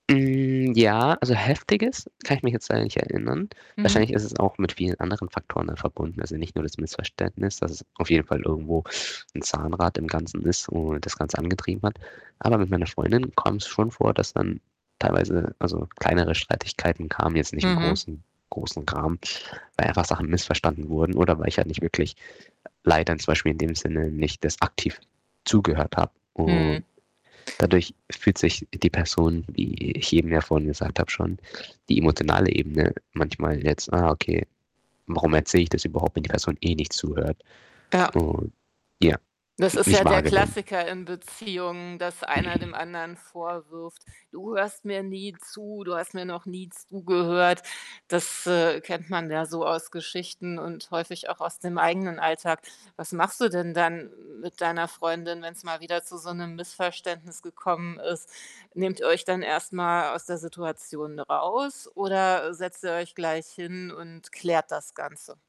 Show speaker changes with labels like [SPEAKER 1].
[SPEAKER 1] Hm, ja, also, Heftiges, kann ich mich jetzt leider nicht erinnern. Wahrscheinlich
[SPEAKER 2] Mhm.
[SPEAKER 1] ist es auch mit vielen anderen Faktoren dann verbunden. Also, nicht nur das Missverständnis, dass es auf jeden Fall irgendwo 'n Zahnrad im Ganzen ist, womit man das Ganze angetrieben hat. Aber mit meiner Freundin kommt's schon vor, dass dann teilweise also, kleinere Streitigkeiten kamen jetzt nicht im
[SPEAKER 2] Mhm.
[SPEAKER 1] großen großen Kram, weil einfach Sachen missverstanden wurden oder weil ich halt nicht wirklich, l leider, zum Beispiel in dem Sinne, nicht das Aktiv zugehört habe und
[SPEAKER 2] Mhm.
[SPEAKER 1] dadurch fühlt sich die Person, wie ich eben ja vorhin gesagt habe, schon die emotionale Ebene manchmal jetzt: „Ah, okay, warum erzähle ich das überhaupt, wenn die Person eh nicht zuhört?“
[SPEAKER 2] Ja.
[SPEAKER 1] Und ja
[SPEAKER 2] Das
[SPEAKER 1] n
[SPEAKER 2] ist
[SPEAKER 1] nicht
[SPEAKER 2] ja der
[SPEAKER 1] wahrgenommen.
[SPEAKER 2] Klassiker in Beziehungen, dass einer dem anderen vorwirft: „Du hörst mir nie zu, du hast mir noch nie zugehört.“ Das, äh, kennt man ja so aus Geschichten und häufig auch aus dem eigenen Alltag. Was machst du denn dann m mit deiner Freundin, wenn's mal wieder zu so 'nem Missverständnis gekommen ist? Nehmt ihr euch dann erst mal aus der Situation raus oder, äh, setzt ihr euch gleich hin und klärt das Ganze?